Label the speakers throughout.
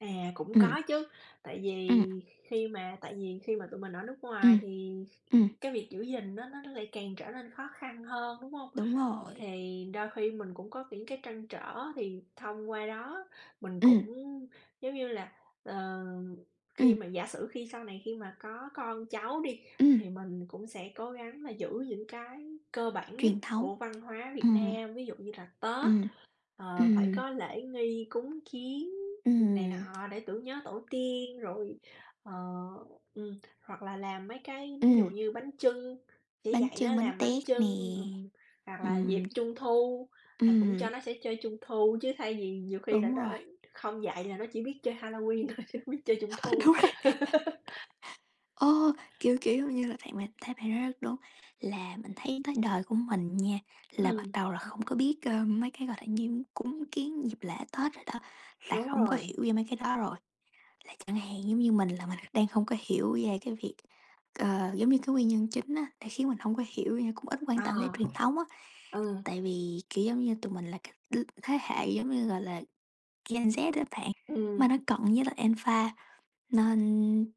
Speaker 1: À, cũng
Speaker 2: Ừm.
Speaker 1: có chứ, tại vì
Speaker 2: Ừm.
Speaker 1: khi mà tại vì khi mà tụi mình ở nước ngoài
Speaker 2: Ừm.
Speaker 1: thì
Speaker 2: Ừm.
Speaker 1: cái việc giữ gìn á nó nó lại càng trở nên khó khăn hơn, đúng hông?
Speaker 2: Đúng rồi.
Speaker 1: Thì đôi khi mình cũng có những cái trăn trở, thì thông qua đó mình
Speaker 2: Ừm.
Speaker 1: cũng, giống như là, ờ khi
Speaker 2: Ừm.
Speaker 1: mà giả sử khi sau này khi mà có con cháu đi,
Speaker 2: Ừm.
Speaker 1: thì mình cũng sẽ cố gắng là giữ những cái cơ bản nhất
Speaker 2: Truyền thống.
Speaker 1: của văn hóa Việt
Speaker 2: Ừm.
Speaker 1: Nam. Ví dụ như là Tết,
Speaker 2: Ừm.
Speaker 1: ờ, phải
Speaker 2: Ừm.
Speaker 1: có lễ nghi, cúng kiếng này
Speaker 2: Ừm.
Speaker 1: nọ để tưởng nhớ tổ tiên, rồi, ờ ừm, hoặc là làm mấy cái ví dụ
Speaker 2: Ừm.
Speaker 1: như bánh chưng, chỉ
Speaker 2: Bánh
Speaker 1: dạy nó
Speaker 2: chưng, bánh
Speaker 1: làm bánh
Speaker 2: tét nè.
Speaker 1: chưng, ừm, hoặc là
Speaker 2: Ừm.
Speaker 1: dịp Trung thu là cũng
Speaker 2: Ừm.
Speaker 1: cho nó sẽ chơi Trung thu chứ thay vì nhiều khi là
Speaker 2: Đúng
Speaker 1: nó
Speaker 2: rồi.
Speaker 1: không dạy là nó chỉ biết chơi Halloween thôi, chứ không biết chơi Trung
Speaker 2: Ơ,
Speaker 1: thu.
Speaker 2: đúng rồi. Ơ, kiểu, kiểu như là, [unintelligible] thấy bạn nói rất đúng, là mình thấy tới đời của mình nha, là bắt
Speaker 1: Ừm.
Speaker 2: đầu là không có biết, ờ, mấy cái, gọi là, như cúng kiếng dịp lễ Tết rồi đó, là
Speaker 1: Đúng
Speaker 2: không có
Speaker 1: rồi.
Speaker 2: hiểu về mấy cái đó rồi. Là chẳng hạn giống như mình là mình đang hông có hiểu về cái việc, ờ, giống như cái nguyên nhân chính á, đã khiến mình hông có hiểu như cũng ít quan tâm tới
Speaker 1: À.
Speaker 2: truyền thống á,
Speaker 1: Ừ.
Speaker 2: tại vì, kiểu, giống như tụi mình là cắt đ thế hệ giống như, gọi là, Gen Z á bạn, mà
Speaker 1: Ừm.
Speaker 2: nó cận với lại Alpha nên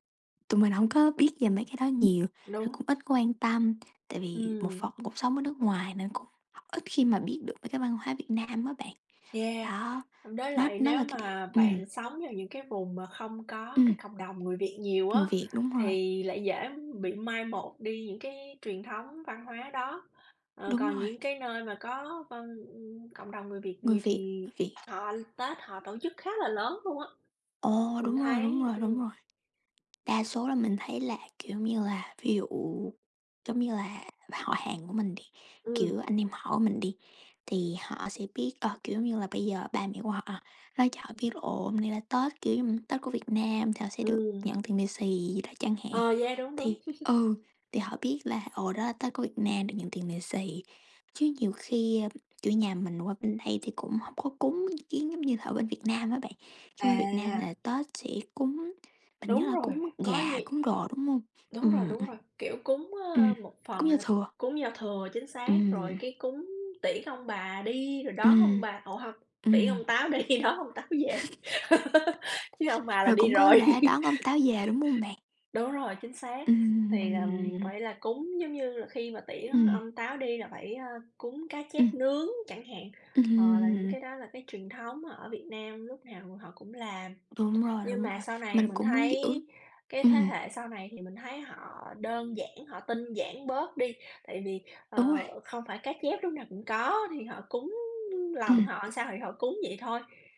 Speaker 2: tụi mình hông có biết về mấy cái đó nhiều. Rồi
Speaker 1: Đúng.
Speaker 2: cũng ít quan tâm, tại vì một
Speaker 1: Ừm.
Speaker 2: phần cuộc sống ở nước ngoài nên cũng ít khi mà biết được mấy cái văn hóa Việt Nam á bạn.
Speaker 1: Yeah,
Speaker 2: Đó,
Speaker 1: đối
Speaker 2: nó
Speaker 1: lại
Speaker 2: nó
Speaker 1: nếu
Speaker 2: là cái điều
Speaker 1: mà
Speaker 2: ừm.
Speaker 1: bạn sống vào những cái vùng mà không có
Speaker 2: Ừm.
Speaker 1: cái cộng đồng người Việt nhiều á,
Speaker 2: Người Việt, đúng rồi.
Speaker 1: thì lại dễ, ưm, bị mai một đi những cái truyền thống văn hóa đó. Ờ,
Speaker 2: Đúng
Speaker 1: còn
Speaker 2: rồi.
Speaker 1: những cái nơi mà có văn, ưm, cộng đồng người Việt
Speaker 2: Người
Speaker 1: nhiều
Speaker 2: Việt,
Speaker 1: thì
Speaker 2: [unintelligible] Việt.
Speaker 1: họ Tết họ tổ chức khá là lớn luôn á,
Speaker 2: Ồ,
Speaker 1: mình
Speaker 2: đúng rồi, đúng
Speaker 1: thấy
Speaker 2: rồi,
Speaker 1: ừm.
Speaker 2: đúng rồi. Đa số là mình thấy là, kiểu như là, ví dụ, giống như là, họ hàng của mình đi, kiểu,
Speaker 1: Ừm.
Speaker 2: anh em họ mình đi, thì họ sẽ biết, ờ, kiểu, giống như là, bây giờ ba mẹ của họ nói cho họ biết là ồ, hôm nay là Tết, kiểu như, Tết của Việt Nam thì họ sẽ được
Speaker 1: Ừm.
Speaker 2: nhận tiền lì xì gì đó chẳng hạn.
Speaker 1: Ờ, yeah, đúng, đúng.
Speaker 2: Thì, ừ, thì họ biết là ồ, đó là Tết của Việt Nam được nhận tiền lì xì, chứ nhiều khi, a, kiểu, nhà mình qua bên đây thì cũng hông có cúng kiếng giống như là ở bên Việt Nam á bạn, chứ qua Việt Nam
Speaker 1: À!
Speaker 2: là Tết sẽ cúng, mình nhớ
Speaker 1: Đúng
Speaker 2: là
Speaker 1: rồi,
Speaker 2: cúng
Speaker 1: có nh
Speaker 2: gà, cúng đồ, đúng hông?
Speaker 1: đúng rồi,
Speaker 2: Ừm,
Speaker 1: đúng
Speaker 2: ừm.
Speaker 1: rồi, kiểu, cúng, ờ,
Speaker 2: Ừm.
Speaker 1: một phần
Speaker 2: Cúng
Speaker 1: là
Speaker 2: Giao thừa.
Speaker 1: cúng giao thừa, chính xác, rồi
Speaker 2: Ừm.
Speaker 1: cái cúng tiễn ông bà đi, rồi đón ông
Speaker 2: Ừm.
Speaker 1: bà ủa hông, tiễn
Speaker 2: Ừm.
Speaker 1: ông Táo đi, đón ông Táo về. Chứ ông bà là
Speaker 2: Rồi
Speaker 1: đi
Speaker 2: cũng có
Speaker 1: rồi.
Speaker 2: lễ đón ông Táo về đúng hông bạn?
Speaker 1: Đúng rồi, chính xác, thì, ừm,
Speaker 2: Ừm.
Speaker 1: phải là cúng, giống như là, khi mà tiễn
Speaker 2: Ừm.
Speaker 1: ông Táo đi là phải, à, cúng cá
Speaker 2: Ừm.
Speaker 1: chép nướng chẳng hạn, ờ, là những
Speaker 2: Ừm.
Speaker 1: cái đó là cái truyền thống ở Việt Nam lúc nào họ cũng làm.
Speaker 2: Đúng rồi,
Speaker 1: Nhưng
Speaker 2: đúng
Speaker 1: mà
Speaker 2: rồi,
Speaker 1: sau này
Speaker 2: mình
Speaker 1: mình
Speaker 2: cũng muốn giữ.
Speaker 1: thấy cái thế
Speaker 2: Ừm.
Speaker 1: hệ sau này thì mình thấy họ đơn giản, họ tinh giản bớt đi, tại vì,
Speaker 2: Đúng
Speaker 1: ờ,
Speaker 2: rồi.
Speaker 1: không phải cá chép lúc nào cũng có, thì họ cúng lòng
Speaker 2: Ừm.
Speaker 1: họ sao thì họ cúng vậy thôi.